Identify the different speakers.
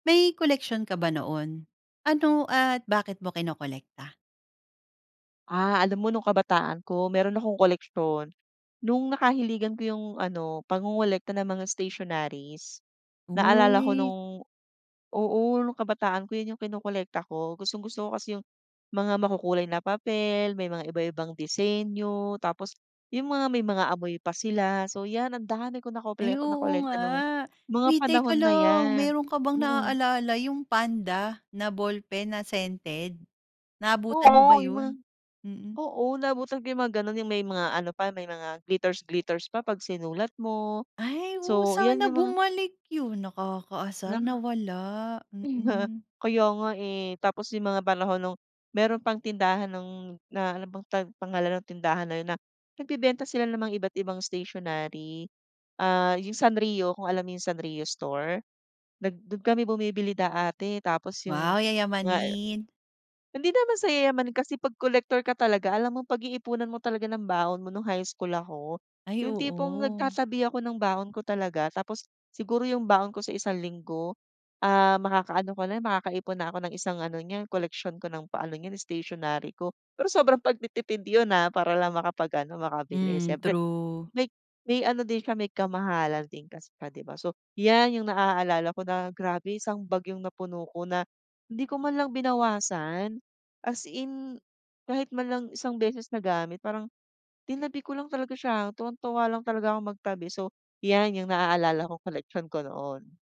Speaker 1: May koleksyon ka ba noon? Ano at bakit mo kinokolekta?
Speaker 2: Ah, alam mo nung kabataan ko meron akong koleksyon. Nung nakahiligan ko yung ano, pangongolekta ng mga stationaries. Naalala ko
Speaker 1: Uy.
Speaker 2: nung oo nung kabataan ko 'yon yung kinokolekta ko gustong-gusto ko kasi yung mga makukulay na papel, may mga iba-ibang disenyo tapos yung mga may mga amoy pa sila. So 'yan ang dami ko nakople
Speaker 1: Ay oo nga.
Speaker 2: nakolekta ng mga
Speaker 1: Uy teka
Speaker 2: panahon na
Speaker 1: lang
Speaker 2: 'yan.
Speaker 1: meron ka bang
Speaker 2: Mm.
Speaker 1: naaalala yung panda na ballpen na scented. Naabutan mo ba
Speaker 2: Oo, yung mga
Speaker 1: 'yon? Mm.
Speaker 2: oo naabutan ko yung mga gano'n yung may mga ano pa, may mga glitters-glitters pa pag sinulat mo.
Speaker 1: Ay, oo
Speaker 2: So yan
Speaker 1: sana
Speaker 2: yung mga
Speaker 1: bumalik 'yon, nakakaasar
Speaker 2: Na
Speaker 1: nawala. Mm.
Speaker 2: Kaya nga, eh, tapos yung mga panahon nung meron pang tindahan ng na ano bang pang pangalan ng tindahan na 'yon na nagbebenta sila namang iba't ibang stationary. Ah, yung Sanrio, kung alam mo yung Sanrio store? Nag do'n kami bumibili dati tapos yung
Speaker 1: Wow,
Speaker 2: nga, eh
Speaker 1: yayamanin.
Speaker 2: hindi naman sa yayamanin kasi pag collector ka talaga alam mong pag-iipunan mo talaga ng baon mo, no'ng high school ako.
Speaker 1: Ay
Speaker 2: Yung tipong
Speaker 1: oo.
Speaker 2: nagtatabi ako ng baon ko talaga tapos siguro yung baon ko sa isang linggo, ah, makakaano ko na makakaipon na ako ng isang ano niya koleksyon ko ng paano niyan stationary ko. Pero sobrang pagtitipid 'yon, ah, para lang makapag-ano makabili.
Speaker 1: Hmm.
Speaker 2: Siyempre
Speaker 1: True.
Speaker 2: may may ano din siya, may kamahalan din kasi, 'di ba? 'Yan yung naaalala ko na grabe isang bag yong napuno ko na hindi ko man lang binawasan as in kahit man lang isang beses nagamit, parang tinabi ko lang talaga siya tuwang-tuwa lang talaga akong magtabi, so yan yung naaalala ko koleksyon ko noon.